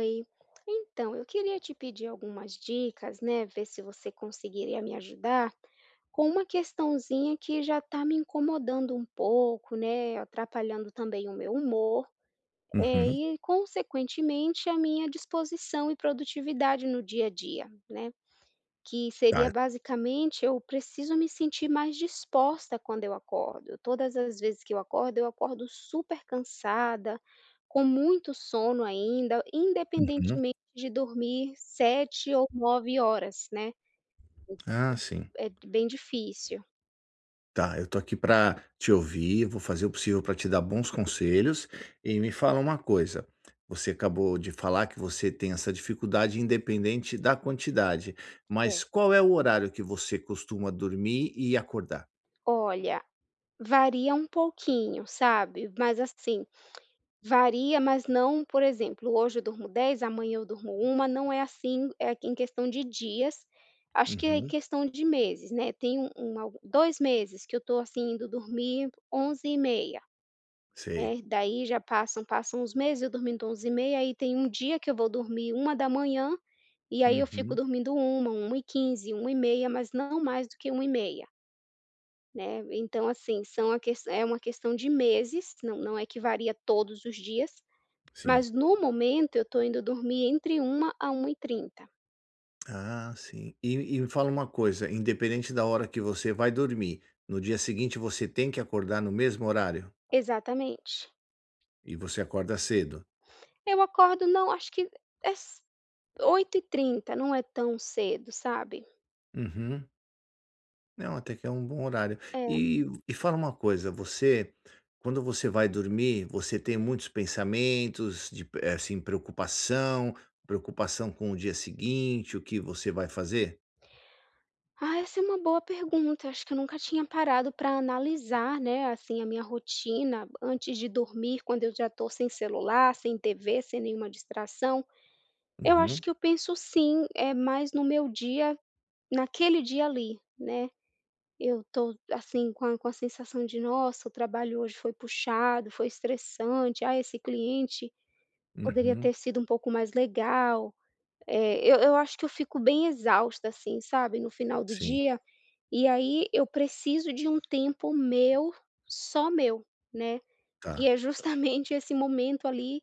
Oi. Então, eu queria te pedir algumas dicas, né. Ver se você conseguiria me ajudar, com uma questãozinha que já tá me incomodando um pouco, né. Atrapalhando também o meu humor. Uhum. Eh, e consequentemente a minha disposição e produtividade no dia a dia, né. Que Tá seria e basicamente eu preciso me sentir mais disposta quando eu acordo, todas as vezes que eu acordo eu acordo super cansada, com muito sono ainda, Uhum. independentemente de dormir 7 ou 9 horas, né. Ah, sim. É bem difícil. Tá, eu tô aqui pra te ouvir, vou fazer o possível pra te dar bons conselhos, e me fala uma coisa, você acabou de falar que você tem essa dificuldade independente da quantidade, Cer mas qual é o horário que você costuma dormir e acordar? Olha, varia um pouquinho, sabe? Mas assim, varia, mas não por exemplo, hoje eu durmo 10 amanhã eu durmo 1, não é assim, é em questão de dias, acho que é Uhum. questão de meses, né, tem um um algo 2 meses que eu tô, assim, indo dormir 23h30. Sei. É, daí, já passam passam uns meses eu dormindo 23h30,. Aí, tem dia que eu vou dormir 1h00 e aí eu fico Uhum. dormindo 1h00, 1h15 e 1h30 mas não mais do que e 1h30. Né. Então, assim, são a ques é uma questão de meses, não não é que varia todos os dias. Sim. Mas no momento eu tô indo dormir entre 1h00 a 1h30. Ah sim, e e me fala uma coisa, independente da hora que você vai dormir, no dia seguinte você tem que acordar no mesmo horário? Exatamente. E você acorda cedo? Eu acordo não acho que é ce 8h30 não é tão cedo, sabe? Uhum. Não, até que é um bom horário. É. E e fala uma coisa, você quando você vai dormir você tem muitos pensamentos de, eh, assim de preocupação, preocupação com o dia seguinte, o que você vai fazer? Ah, essa é uma boa pergunta, acho que eu nunca tinha parado pra analisar, né, assim, a minha rotina antes de dormir quando eu já estou sem celular, sem TV, sem nenhuma distração. Eu acho Uhum. que eu penso sim, eh, mais no meu dia, naquele dia ali, né. Eu tô assim, com a com a sensação de "Nossa, o trabalho hoje foi puxado, foi estressante, ah, esse cliente poderia Uhum. ter sido um pouco mais legal". Eh eu eu acho que eu fico bem exausta, assim, sabe, no final do Sim. dia, e aí eu preciso de um tempo meu, só meu, né. Que Tá. é justamente esse momento ali,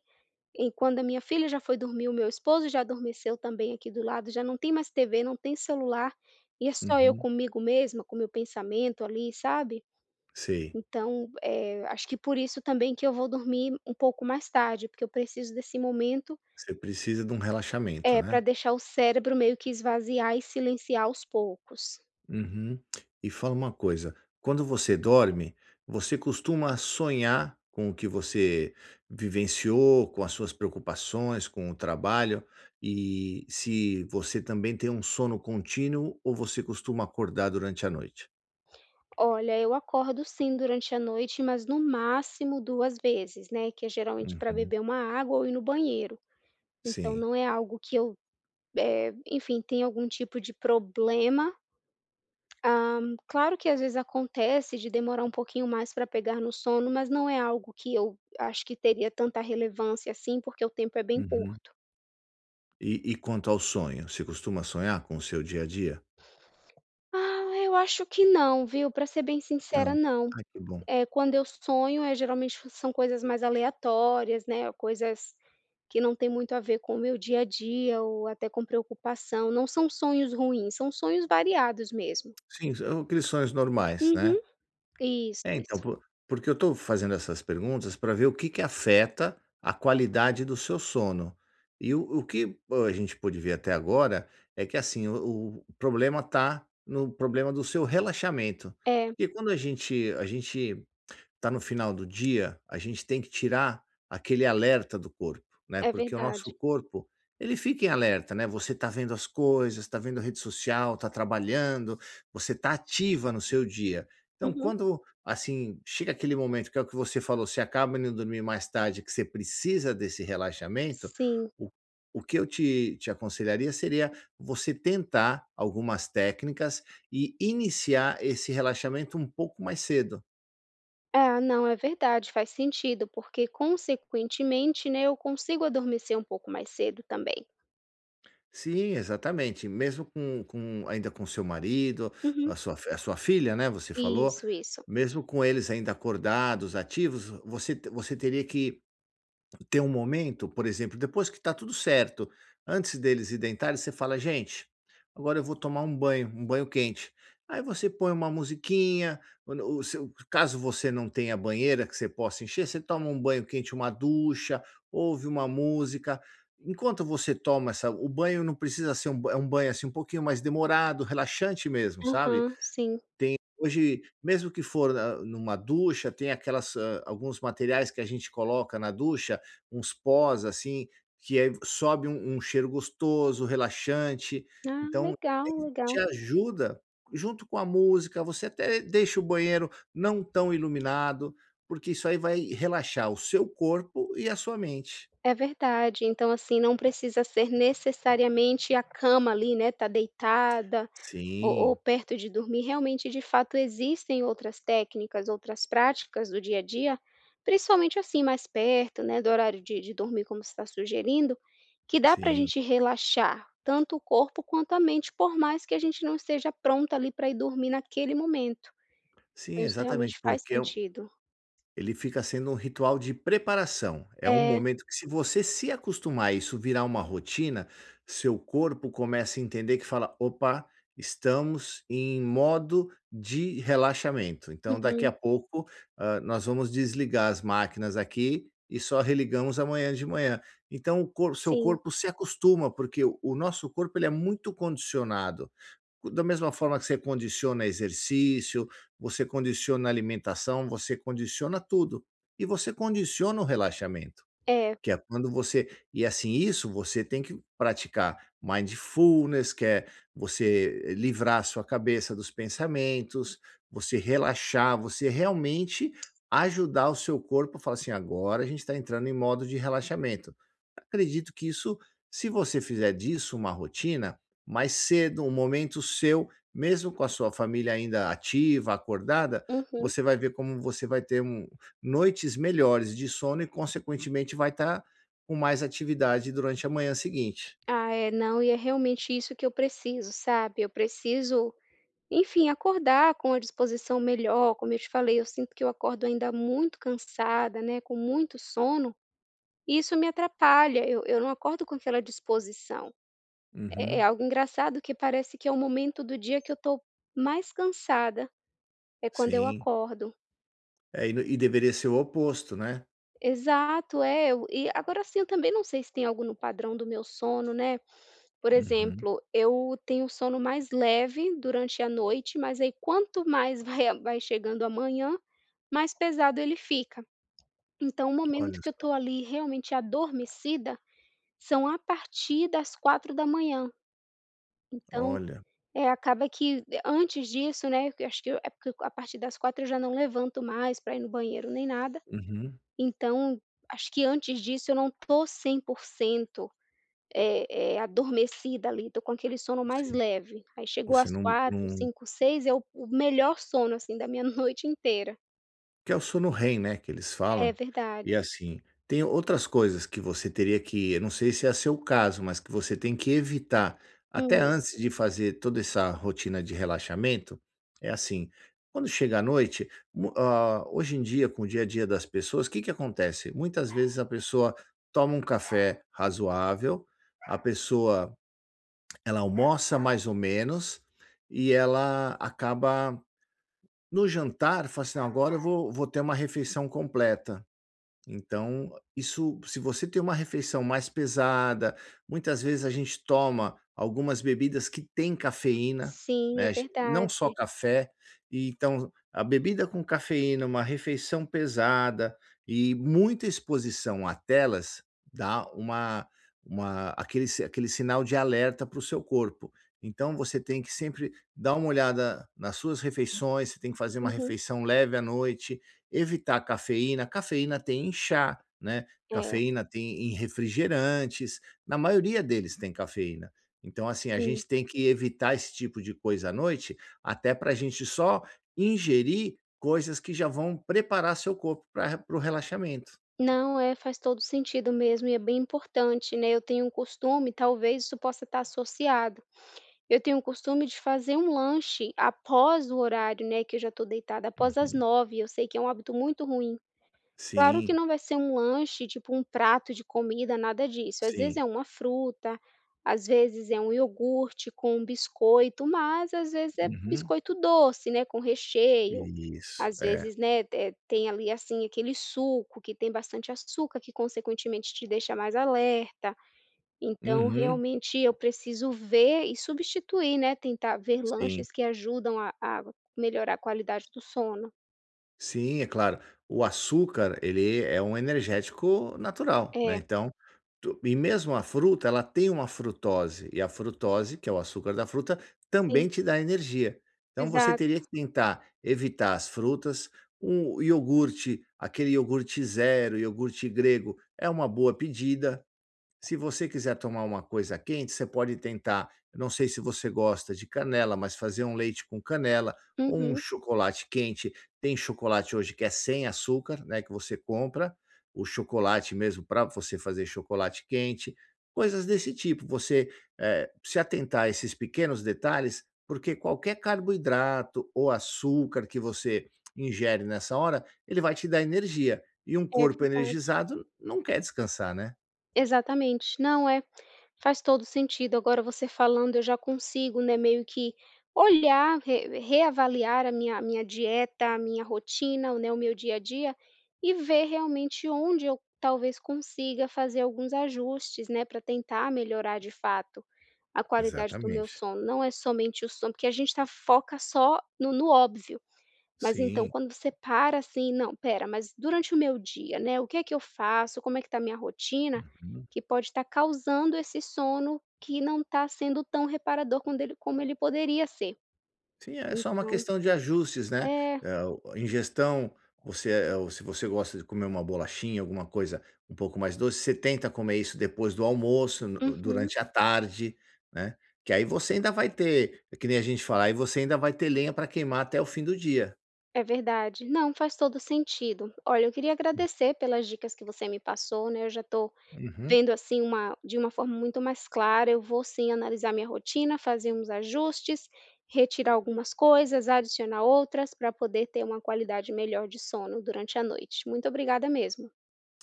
em quando a minha filha já foi dormir, o meu esposo já adormeceu também aqui do lado, já não tem mais TV não tem celular, e é só eu Uhum. comigo mesma com o meu pensamento ali, sabe? Sei. Então, eh, acho que por isso também que eu vou dormir um pouco mais tarde porque eu preciso desse momento Você precisa de um relaxamento, Eh, para né. deixar o cérebro meio que esvaziar e silenciar aos poucos. Uhum, e fala uma coisa, quando você dorme, você costuma sonhar com o que você vivenciou, com as suas preocupações, com o trabalho, e se você também tem um sono contínuo ou você costuma acordar durante a noite? Olha, eu acordo sim durante a noite, mas no máximo 2 vezes, né, que é geralmente pra Uhum. beber uma água ou ir no banheiro. Então Sim. não é algo que eu, eh, enfim tem algum tipo de problema. Ah, claro que às vezes acontece de demorar pouquinho mais pra pegar no sono, mas não é algo que eu ache que teria tanta relevância assim porque o tempo é bem Uhum. curto. E e quanto ao sonho, você costuma sonhar com o seu dia a dia? Ah, eu acho que não, viu, pra ser bem sincera Não, não. ai que bom. Eh, quando eu sonho é geralmente são coisas mais aleatórias, né, coisas que não tem muito a ver com o meu dia a dia ou até com preocupação, não são sonhos ruins são sonhos variados mesmo. Sim, são aqueles sonhos normais, Uhum, né? isso, É então isso. por porque eu estou fazendo essas perguntas pra ver o que que afeta a qualidade do seu sono. E o o que a gente pôde ver até agora, é que assim o o problema está no problema do seu relaxamento. É. Porque quando a gente a gente está no final do dia, a gente tem que tirar aquele alerta do corpo, né. É Porque o verdade. nosso corpo, ele fica em alerta, né. Você está vendo as coisas, está vendo rede social, está trabalhando, você está ativa no seu dia. Então Uhum. quando, assim, chega aquele momento que é o que você falou, você acaba indo dormir mais tarde e que você precisa desse relaxamento, Sim. o o que eu te te aconselharia seria você tentar algumas técnicas e iniciar esse relaxamento um pouco mais cedo. É não, é verdade, faz sentido porque consequentemente, né, eu consigo adormecer um pouco mais cedo também. Sim, exatamente, mesmo com com ainda com o seu marido, Uhum. a sua a sua filha, né, você falou, Isso, isso. mesmo com eles ainda acordados, ativos, você te você teria que ter um momento, por exemplo depois que tá tudo certo, antes deles ir deitarem você fala "Gente, agora eu vou tomar um banho, um banho quente". Aí você põe uma musiquinha, quando o seu caso você não tenha banheira que você possa encher, você toma um banho quente, uma ducha, ouve uma música. Enquanto você toma essa o banho não precisa ser é um banho, assim, um pouquinho mais demorado, relaxante mesmo, sabe. Aham, sim. Tem hoje, mesmo que for na em uma ducha tem aquelas, ah, alguns materiais que a gente coloca na ducha, uns pós assim, que aí sobe um um cheiro gostoso, relaxante, Ah então legal, te legal. ajuda, junto com a música, você até deixa o banheiro não tão iluminado, porque isso aí vai relaxar o seu corpo e a sua mente. É verdade, então assim não precisa ser necessariamente a cama ali, né, está deitada, ou ou Sim. perto de dormir realmente, de fato existem outras técnicas, outras práticas do dia a dia. Principalmente assim, mais perto, né, do horário de de dormir como você está sugerindo, que dá pra Sim. gente relaxar tanto o corpo quanto a mente por mais que a gente não esteja pronto ali pra ir dormir naquele momento. Sim, Então isso exatamente realmente faz porque é o sentido. Ele fica sendo um ritual de preparação, é um É. momento que se você se acostumar, isso virar uma rotina, seu corpo começa a entender que fala, "Opa, estamos em modo de relaxamento", então daqui Uhum. a pouco, ah, nós vamos desligar as máquinas aqui e só religamos amanhã de manhã. Então o cor o seu Sim. corpo se acostuma porque o nosso corpo ele é muito condicionado. Da mesma forma que você condiciona exercício, você condiciona alimentação, você condiciona tudo. E você condiciona o relaxamento, É. que é quando você e assim isso você tem que praticar mindfulness que é você livrar a sua cabeça dos pensamentos, você relaxar, você realmente ajudar o seu corpo a falar assim "Agora a gente está entrando em modo de relaxamento.". Acredito que isso, se você fizer disso uma rotina, mais cedo, um momento seu, mesmo com a sua família ainda ativa, acordada, Uhum. você vai ver como você vai ter um noites melhores de sono e consequentemente vai estar com mais atividade durante a manhã seguinte. Ah, é não, e é realmente isso que eu preciso sabe. Eu preciso enfim acordar com a disposição melhor, como eu te falei eu sinto que eu acordo ainda muito cansada, né, com muito sono, isso me atrapalha eu eu não acordo com aquela disposição. É é Uhum. algo engraçado que parece que é o momento do dia que eu tô mais cansada. É quando eu Sim. acordo. É e de e deveria ser o oposto, né? Exato, é eu e agora assim, eu também não sei se tem algo no padrão do meu sono, né, por Uhum. exemplo eu tenho o sono mais leve durante a noite mas aí quanto mais vai a vai chegando a manhã mais pesado ele fica. Então o momento Olha que eu só. tô ali realmente adormecida, são a partir das 04h00. Então, Olha. eh, acaba que antes disso, né, eu acho que é porque a partir das 04h00 eu já não levanto mais pra ir no banheiro nem nada. Uhum. Então, acho que antes disso eu não tô 100%, eh eh, adormecida ali estou com aquele sono mais Sim, leve aí chegou você às não 04h00, não 05h00, 06h00 é o o melhor sono, assim, da minha noite inteira. Que é o sono REM né, que eles É falam, verdade. e assim, tem outras coisas que você teria que eu não sei se é seu caso, mas que você tem que evitar, até Hum. antes de fazer toda essa rotina de relaxamento, é assim, quando chegar a noite, mu ah, hoje em dia, com o dia a dia das pessoas, que que acontece? Muitas vezes a pessoa toma um café razoável, a pessoa, ela almoça mais ou menos, e ela acaba no jantar fala assim: "Não agora eu vou vou ter uma refeição completa". Então isso se você tem uma refeição mais pesada, muitas vezes a gente toma algumas bebidas que têm cafeína, Sim, né, é a gen não verdade. só café, e então a bebida com cafeína, uma refeição pesada e muita exposição à telas, dá uma uma aquele si aquele sinal de alerta para o seu corpo. Então você tem que sempre dar uma olhada nas suas refeições, você tem que fazer uma Uhum. refeição leve à noite, evitar cafeína, cafeína tem em chá, né. É. Cafeína tem em refrigerantes, na maioria deles tem cafeína. Então assim, a Sim. gente tem que evitar esse tipo de coisa à noite até pra gente só ingerir coisas que já vão preparar seu corpo pra re para o relaxamento. Não, é faz todo sentido mesmo, e é bem importante, né, eu tenho um costume talvez isso possa estar associado eu tenho um costume de fazer um lanche após o horário, né, que eu já estou deitada após as Uhum. 21h eu sei que é hábito muito ruim. Claro que Sim. não vai ser um lanche tipo um prato de comida nada disso às vezes Sim. é uma fruta, às vezes é um iogurte com um biscoito mas às vezes é Uhum. biscoito doce, né, com recheio, Isso, às é. vezes, né, te tem ali assim, aquele suco que tem bastante açúcar que consequentemente te deixa mais alerta. Então Uhum. realmente eu preciso ver e substituir, né, tentar ver Sim. lanches que ajudam a a melhorar a qualidade do sono. Sim, é claro, o açúcar ele é um energético natural, né, É. então tu e mesmo a fruta ela tem uma frutose, e a frutose que é o açúcar da fruta, Sim. também te dá energia. Então você Exato. teria que tentar evitar as frutas, um iogurte, aquele iogurte 0, iogurte grego, é uma boa pedida. Se você quiser tomar uma coisa quente, você pode tentar, não sei se você gosta de canela, mas fazer um leite com canela ou um Uhum. chocolate quente tem chocolate hoje que é sem açúcar, né, que você compra o chocolate mesmo pra você fazer chocolate quente, coisas desse tipo. Você, eh, se atentar a esses pequenos detalhes porque qualquer carboidrato ou açúcar que você ingere nessa hora ele vai te dar energia e um É corpo verdade. energizado não quer descansar, né? Exatamente, não é, faz todo o sentido agora você falando eu já consigo, né, meio que olhar re reavaliar a minha a minha dieta a minha rotina, né, o meu dia a dia e ver realmente onde eu talvez consiga fazer alguns ajustes, né. Pra tentar melhorar de fato a qualidade do meu Exatamente. sono, não é somente o sono porque a gente está foca só no no óbvio, mas então Sim. quando você para, assim, não espera mas durante o meu dia, né, o que é que eu faço? Como é que está a minha rotina? Uhum. Que pode estar causando esse sono que não está sendo tão reparador quando ele como ele poderia ser Sim, é só uma então questão de ajustes, né, É. eh, o a ingestão você é ou se você gosta de comer uma bolachinha, alguma coisa um pouco mais doce, você tenta comer isso depois do almoço, no Uhum. durante a tarde, né? Que aí você ainda vai ter que nem a gente falar aí você ainda vai ter lenha pra queimar até o fim do dia. É verdade, não faz todo o sentido. Olha, eu queria Hum. agradecer pelas dicas que você me passou, né, eu já estou Uhum. vendo assim uma de uma forma muito mais clara eu vou sim analisar minha rotina, fazer uns ajustes, retirar algumas, coisas adicionar outras, para poder ter uma qualidade melhor de sono durante a noite, muito obrigada mesmo.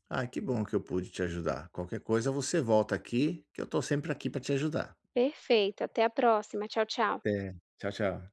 Ai que bom que eu pude te ajudar, qualquer coisa você volta aqui, que eu estou sempre aqui pra te ajudar. Perfeito. Até a próxima, tchau, tchau. Até, tchau, tchau.